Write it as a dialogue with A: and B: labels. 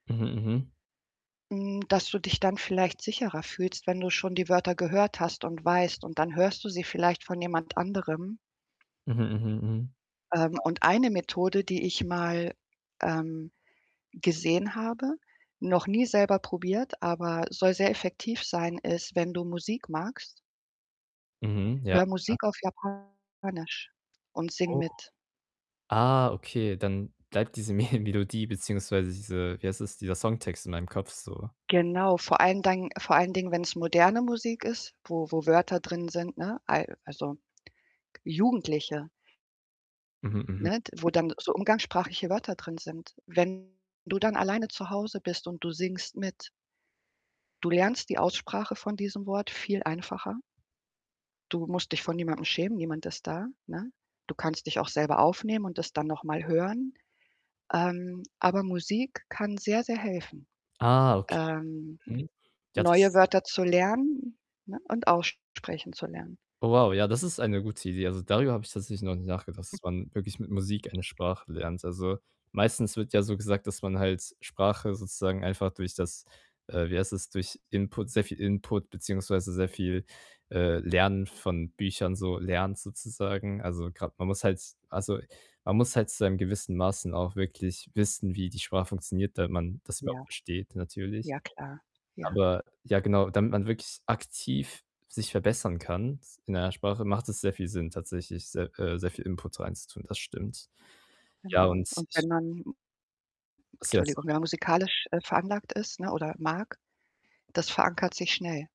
A: Mhm, mhm.
B: Hm, dass du dich dann vielleicht sicherer fühlst, wenn du schon die Wörter gehört hast, und weißt und dann hörst du sie vielleicht von jemand anderem.
A: Mhm, mhm, mhm.
B: Ähm,
A: Ja.
B: und eine Methode, die ich mal, ähm, gesehen habe, noch nie selber probiert, aber soll sehr effektiv sein, ist, wenn du Musik magst
A: Mhm, ja,
B: höre
A: ja.
B: Musik auf Japanisch und sing
A: Oh.
B: mit.
A: Ah, okay, dann bleibt diese Me Melodie beziehungsweise diese wie heißt das, dieser Songtext in meinem Kopf so.
B: Genau, vor allen Dingen vor allen Dingen, wenn's moderne Musik ist, wo wo Wörter drin sind, ne? Ei also, jugendliche
A: Mhm, mhm.
B: ne? D wo dann so umgangssprachliche Wörter drin sind. Wenn du dann alleine zu Hause bist und du singst mit du lernst die Aussprache von diesem Wort viel einfacher. Du musst dich vor niemandem schämen, niemand ist da, ne? Du kannst dich auch selber aufnehmen und das dann noch mal hören. Ähm, aber Musik kann sehr, sehr helfen,
A: Ah, okay.
B: ähm,
A: Mhm. Ja, das
B: neue Wörter zu lernen, ne, und aussprechen zu lernen.
A: Oh wow, ja, das ist eine gute Idee. Also, darüber habe ich tatsächlich noch nicht nachgedacht, dass man wirklich mit Musik eine Sprache lernt. Also, meistens wird ja so gesagt, dass man halt Sprache sozusagen einfach durch das äh, wie heißt das, durch Input sehr viel Input beziehungsweise sehr viel, äh, Lernen von Büchern so lernt sozusagen. Also, grad man muss halt also, man muss halt zu einem gewissen Maßen auch wirklich wissen, wie die Sprache funktioniert, damit man das überhaupt
B: Ja.
A: versteht natürlich.
B: Ja klar, ja.
A: Aber, ja, genau, damit man wirklich aktiv sich verbessern kann in einer Sprache, macht es sehr viel Sinn, tatsächlich sehr äh, sehr viel Input reinzutun. Das stimmt. Ja,
B: Genau.
A: und
B: Und
A: ich
B: wenn man M
A: Ach so ja,
B: 'Tschuldigung, wenn
A: sorry.
B: man musikalisch, äh, veranlagt ist, ne, oder mag, das verankert sich schnell.